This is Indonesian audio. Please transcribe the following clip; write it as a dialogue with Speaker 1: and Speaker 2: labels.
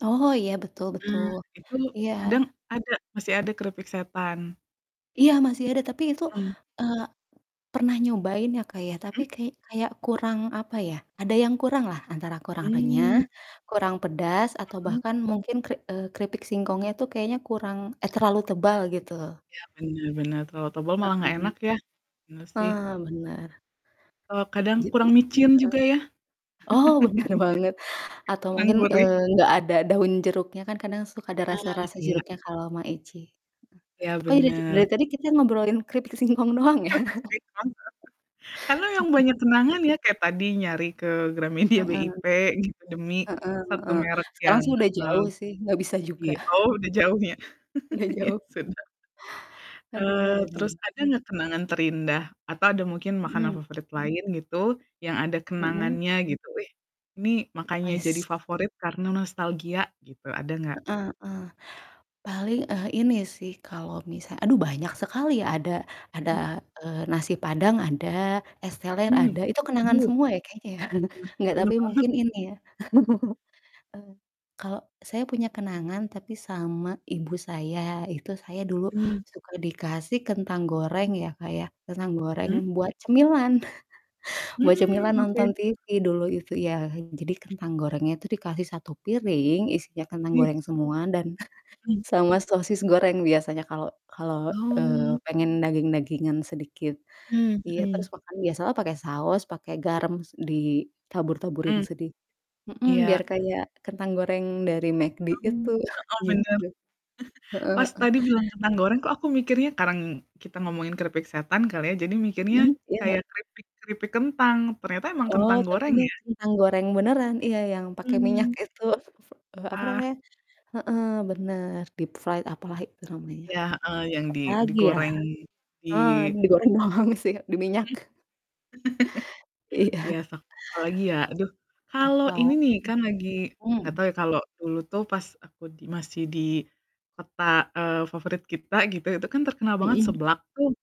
Speaker 1: Oh iya, betul
Speaker 2: Ah,
Speaker 1: betul.
Speaker 2: itu
Speaker 1: Iya.
Speaker 2: kadang ada masih ada keripik setan.
Speaker 1: Iya, masih ada, tapi itu,
Speaker 2: Mhm.
Speaker 1: eee, pernah nyobain ya, Kak, ya. Tapi
Speaker 2: Mhm?
Speaker 1: kayak kayak kurang, apa ya, ada yang kurang lah, antara kurang renyah,
Speaker 2: Mmm.
Speaker 1: kurang pedas, atau
Speaker 2: Mmm.
Speaker 1: bahkan mungkin keri eee, keripik singkongnya itu, kayaknya kurang eh, terlalu tebal, gitu loh.
Speaker 2: Ya, bener bener terlalu tebel malah nggak
Speaker 1: Heeh.
Speaker 2: enak, ya? Bener sih.
Speaker 1: Ah, bener.
Speaker 2: Eee,
Speaker 1: Tu
Speaker 2: kadang
Speaker 1: jadi
Speaker 2: kurang micin
Speaker 1: heeh.
Speaker 2: juga ya. Kayak
Speaker 1: Oh, bener banget atau
Speaker 2: kurang
Speaker 1: mungkin,
Speaker 2: gurih.
Speaker 1: eee, nggak ada daun jeruknya, kan kadang suka ada
Speaker 2: Ah,
Speaker 1: rasa-rasa
Speaker 2: iya.
Speaker 1: jeruknya kalau Maicih.
Speaker 2: Ya,
Speaker 1: Kok, dari dari
Speaker 2: bener.
Speaker 1: tadi kita ngobrolin keripik singkong doang ya..
Speaker 2: Keripik singkong, karena memang banyak kenangan ya, kayak tadi nyari ke Gramedia
Speaker 1: Heeh.
Speaker 2: BIP, gitu demi,
Speaker 1: Heeh
Speaker 2: satu
Speaker 1: heeh,
Speaker 2: merek
Speaker 1: sekarang
Speaker 2: yang,
Speaker 1: sih udah
Speaker 2: mmm
Speaker 1: jauh sih, nggak bisa juga.
Speaker 2: iy oh, udah jauh ya?
Speaker 1: Udah
Speaker 2: Ya
Speaker 1: jauh.
Speaker 2: sudahlah.
Speaker 1: Aduh,
Speaker 2: Eee,
Speaker 1: ada-ada
Speaker 2: terus
Speaker 1: aja.
Speaker 2: ada nggak kenangan terindah, atau ada mungkin makanan
Speaker 1: Mhm.
Speaker 2: favorit lain gitu, yang ada
Speaker 1: Mhm.
Speaker 2: kenangannya gitu? "Ih, ini makanya jadi
Speaker 1: Ais.
Speaker 2: favorit karena nostalgia," gitu, ada nggak?
Speaker 1: Heeh heeh. Paling, eee, ini sih kalau misal aduh banyak sekali ya, ada ada,
Speaker 2: Hmm.
Speaker 1: eee, nasi padang ada, es teler ada,
Speaker 2: Mmm,
Speaker 1: Itu kenangan
Speaker 2: duh.
Speaker 1: semua ya, kayaknya, ya?
Speaker 2: Bener
Speaker 1: Nggak,
Speaker 2: bener
Speaker 1: tapi
Speaker 2: banget.
Speaker 1: mungkin ini ya, eee, kalau saya punya kenangan, tapi sama ibu saya, itu saya dulu
Speaker 2: Mmm.
Speaker 1: suka dikasih kentang goreng ya, Kak, ya, kentang goreng
Speaker 2: Mmm.
Speaker 1: buat cemilan, buat
Speaker 2: Mmm,
Speaker 1: cemilan nonton
Speaker 2: oke.
Speaker 1: TV, dulu itu iya. Jadi kentang gorengnya itu dikasih satu piring isinya kentang
Speaker 2: Iya.
Speaker 1: goreng semua, dan
Speaker 2: Hmm.
Speaker 1: sama sosis goreng biasanya kalau kalau, eee,
Speaker 2: Oh.
Speaker 1: pengen daging-dagingan sedikit.
Speaker 2: Mmm,
Speaker 1: Iya, terus
Speaker 2: mhm.
Speaker 1: makan biasalah pakai saus, pakai garam, s ditabur-taburin
Speaker 2: Mmm.
Speaker 1: sedi mhm, biar
Speaker 2: Iya.
Speaker 1: kayak kentang goreng dari McD
Speaker 2: Oh, heeh,
Speaker 1: itu,
Speaker 2: bener.
Speaker 1: gitu. Heeh
Speaker 2: Pas
Speaker 1: heeh.
Speaker 2: tadi bilang kentang goreng kok, aku mikirnya kadang kita ngomongin keripik setan kali ya, jadi mikirnya
Speaker 1: Mhm, iya,
Speaker 2: kayak
Speaker 1: heeh.
Speaker 2: keripik keripik kentang, ternyata emang
Speaker 1: Oh,
Speaker 2: kentang
Speaker 1: tapi
Speaker 2: goreng
Speaker 1: ini
Speaker 2: ya?
Speaker 1: kentang goreng beneran, iya, yang pakai minyak
Speaker 2: Mmm.
Speaker 1: itu, apa
Speaker 2: Ah.
Speaker 1: namanya heeh, bener, deep fried apalah itu, namanya.
Speaker 2: Iya, heeh, yang di
Speaker 1: Apalagi ya,
Speaker 2: digoreng, di
Speaker 1: eee, digoreng doang sih di
Speaker 2: Mhm.
Speaker 1: minyak.
Speaker 2: Iya
Speaker 1: Iya.
Speaker 2: sok apalagi ya, aduh. Kalau
Speaker 1: Apa
Speaker 2: ini nih kan lagi
Speaker 1: m
Speaker 2: nggak
Speaker 1: hmm.
Speaker 2: tahu ya, kalau dulu tuh pas aku di masih di kota, eee, favorit kita gitu, itu kan terkenal banget
Speaker 1: Mhm.
Speaker 2: seblak tuh